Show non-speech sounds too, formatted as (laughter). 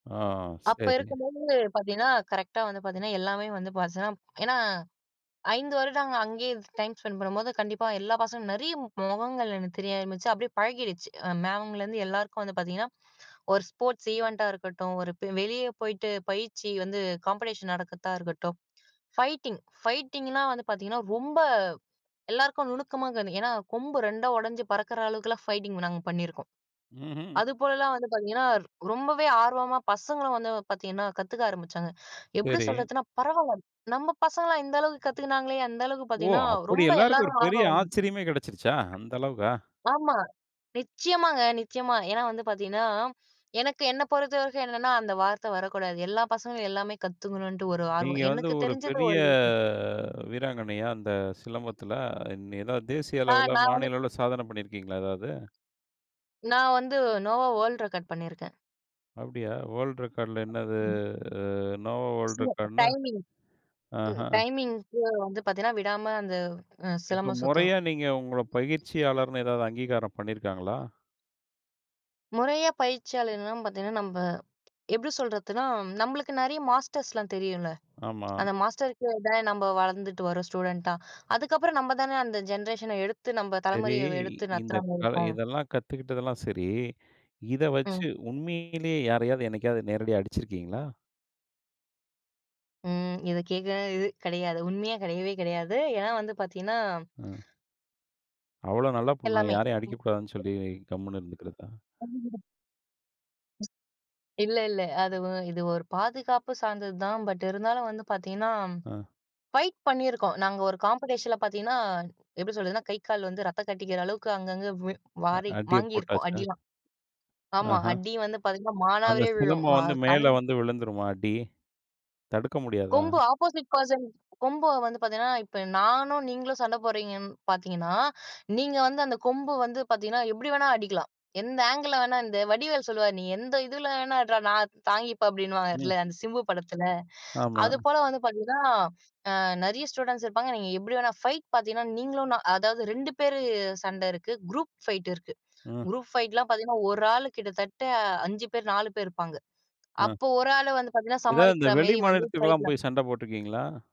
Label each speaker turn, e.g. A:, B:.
A: ஆ,
B: அப்ப
A: சரி.
B: இருக்கும்போது பார்த்தீங்கன்னா, கரெக்ட்டா வந்து பார்த்தீங்கன்னா, எல்லாமே வந்து பார்த்தீங்கன்னா ஏனா, 5 வருடம் நாங்க அங்கேயே டைம் ஸ்பெண்ட் பண்ணும்போது, கண்டிப்பா எல்லா பசங்களும் நெறைய முகங்கள் எனக்கு தெரிய ஆரம்பிச்சு அப்படியே பழகிருச்சு மேம்லருந்து எல்லாருக்கும் வந்து பார்த்தீங்கன்னா, ஒரு ஸ்போர்ட்ஸ் ஈவென்ட்டா இருக்கட்டும், ஒரு வெளியே போய்ட்டு பயிற்சி வந்து காம்படிஷன் நடக்கிறதா இருக்கட்டும், ஃபைட்டிங் ஃபைட்டிங்லாம் வந்து பார்த்தீங்கன்னா, ரொம்ப எல்லோருக்கும் நுணுக்கமா இருக்கு. ஏனா, கொம்பு ரெண்டா உடைஞ்சு பறக்கிற அளவுக்கெல்லாம் ஃபைட்டிங் நாங்க பண்ணியிருக்கோம்.
A: ம்ஹ்ம்.
B: அதுபோலலாம் வந்து பார்த்தீங்கன்னா, ரொம்பவே ஆர்வமா பசங்களும் வந்து பார்த்தீங்கன்னா கத்துக்க ஆரம்பிச்சாங்க. எப்படி
A: சரி.
B: சொல்றதுன்னா பரவாயில்ல நம்ம பசங்களலா இந்த அளவுக்கு கத்துக்கினாங்களே அந்த அளவுக்கு
A: ஓ!
B: பார்த்தீங்கன்னா,
A: அப்படி
B: ரொம்ப
A: எல்லாருக்கும் ஒரு
B: எல்லாருக்கும்
A: பெரிய
B: ஆர்வம் வந்தது
A: ஆச்சரியமே கெடச்சிருச்சா, அந்தளவுக்கா?
B: ஆமா. நிச்சயமாங்க, நிச்சயமா. ஏனா, வந்து பார்த்தீங்கன்னா, எனக்கு என்னை பொறுத்தவரைக்கும் என்னென்னா, அந்த வார்த்த வரக்கூடாது. எல்லா பசங்களும் எல்லாமே கத்துக்கணும்ட்டு ஒரு
A: நீங்க
B: ஆர்வம்.
A: வந்து,
B: எனக்கு
A: ஒரு
B: தெரிஞ்சது
A: பெரிய
B: ஒரு (unintelligible)
A: வீராங்கனையா அந்த சிலம்பத்தில, ஏதாவது தேசிய
B: ஆ.
A: அளவில,
B: நான் வந்து
A: மாநில அளவில சாதனை பண்ணியிருக்கீங்களா எதாவது?
B: நான் வந்து, "நோவா வேர்ல்ட் ரெக்கார்ட்" பண்ணியிருக்கேன்.
A: அப்படியா, வேர்ல்ட் ரெக்கார்ட்ல என்னது
B: ம்.
A: அ நோவா வேர்ல்ட் ரெக்கார்ட்ன்னா.
B: டைமிங் இது
A: ஆஹா.
B: டைமிங்குக்கு வந்து பார்த்தீங்கன்னா, விடாம அந்த அ
A: இப்போ
B: சிலம்பம்
A: மொறையா
B: சுத்தணும்.
A: நீங்க உங்கள பயிற்சியாளர்னு ஏதாவது அங்கீகாரம் பண்ணியிருக்காங்களா?
B: முறையா பயிற்சியாளர்லாம் பார்த்தீங்கன்னா, நம்ப எப்படி சொல்றதுன்னா நம்மளுக்கு நெறைய மாஸ்டர்ஸ்லாம் தெரியும்ல.
A: ஆமா.
B: அந்த மாஸ்டருக்கு தான் நம்ம வளர்ந்துட்டு வரோம் ஸ்டூடென்ட்டா, அதுக்கப்புறம் நம்ம தானே அந்த ஜென்ரேஷன எடுத்து நம்ம
A: சரி,
B: தலைமுறைய எடுத்து
A: இந்த
B: நடத்துறமாரி
A: கலை
B: இருக்கும்.
A: இதெல்லாம் கத்துக்கிட்டதெல்லாம் சரி, இத
B: ம்.
A: வச்சு உண்மையிலே யாரையாவது என்னைக்காவது நேரடியா அடிச்சிருக்கீங்களா?
B: ம். இத கேட்குற இது கெடையாது, உண்மையா கெடையவே கெடையாது. ஏனா, வந்து பார்த்தீங்கன்னா
A: ம். அவ்வளோ நல்ல பொண்ணா,
B: எல்லாமே.
A: யாரையும் அடிக்க கூடாதுன்னு சொல்லி கம்முன்னு இருந்துக்கிறதா.
B: (unintelligible) இல்ல, இல்ல. அது இது ஒரு பாதுகாப்பு சார்ந்தது தான். பட் இருந்தாலும் வந்து பார்த்தீங்கன்னா,
A: ம்.
B: ஃபைட் பண்ணியிருக்கோம். நாங்க ஒரு காம்படிஷன்ல பார்த்தீங்கன்னா, எப்படி சொல்றதுனா கை, கால் வந்து ரத்தம் கட்டிக்கிற அளவுக்கு அங்கங்கே
A: அ
B: வாரி
A: அடிய
B: வாங்கியிருக்கோம்
A: போட்டாச்சா.
B: அடிலா ஆமா
A: ஆஹா.
B: அடி வந்து பார்த்தீங்கன்னா,
A: அந்த
B: மானாவாரியா விழும்.
A: சிலம்பம்
B: ஆ
A: வந்து
B: கண்
A: மேல வந்து விழுந்துருமா அடி தடுக்க முடியாதா?
B: கொம்பு அப்போசைட் பெர்சன். கொம்பு வந்து பார்த்தீங்கன்னா, இப்போ நானும் நீங்களும் சண்ட போடுறீங்கன்னு பார்த்தீங்கன்னா, நீங்க வந்து அந்த கொம்பு வந்து பார்த்தீங்கன்னா, எப்படி வேண்டுமானாலும் அடிக்கலாம். எந்த ஆங்கில்ல வேணாலும். இந்த வடிவேல் சொல்லுவார் "நீ எந்த இதில வேணாலும் அடிடா நான் தாங்கிப்பேன்."
A: ம்.
B: அப்படினுவார்ல அந்த சிம்பு படத்தில.
A: ஆமா.
B: அதுபோல வந்து பார்த்தீங்கன்னா, ஆ நெறைய ஸ்டூடண்ட்ஸ் இருப்பாங்க. நீங்க எப்படி வேணா ஃபைட் பார்த்தீங்கன்னா, நீங்களும் நான் அதாவது 2 பேர் சண்ட இருக்கு, குரூப் ஃபைட் இருக்கு.
A: ம்.
B: குரூப் ஃபைட்லாம் பார்த்தீங்கன்னா, ஒரு ஆள் கிட்டத்தட்ட 5 பேர் 4 பேர் இருப்பாங்க
A: ம்.
B: அப்போ ஒரு ஆள் வந்து பார்த்தீங்கன்னா,
A: ஏதாவது இந்த
B: சமாளிக்கிற
A: வெளி
B: மாரி வந்து
A: மாநிலத்துக்குலாம்
B: ஃபைட்லாம்
A: போய் சண்ட போட்டுருக்கீங்களா?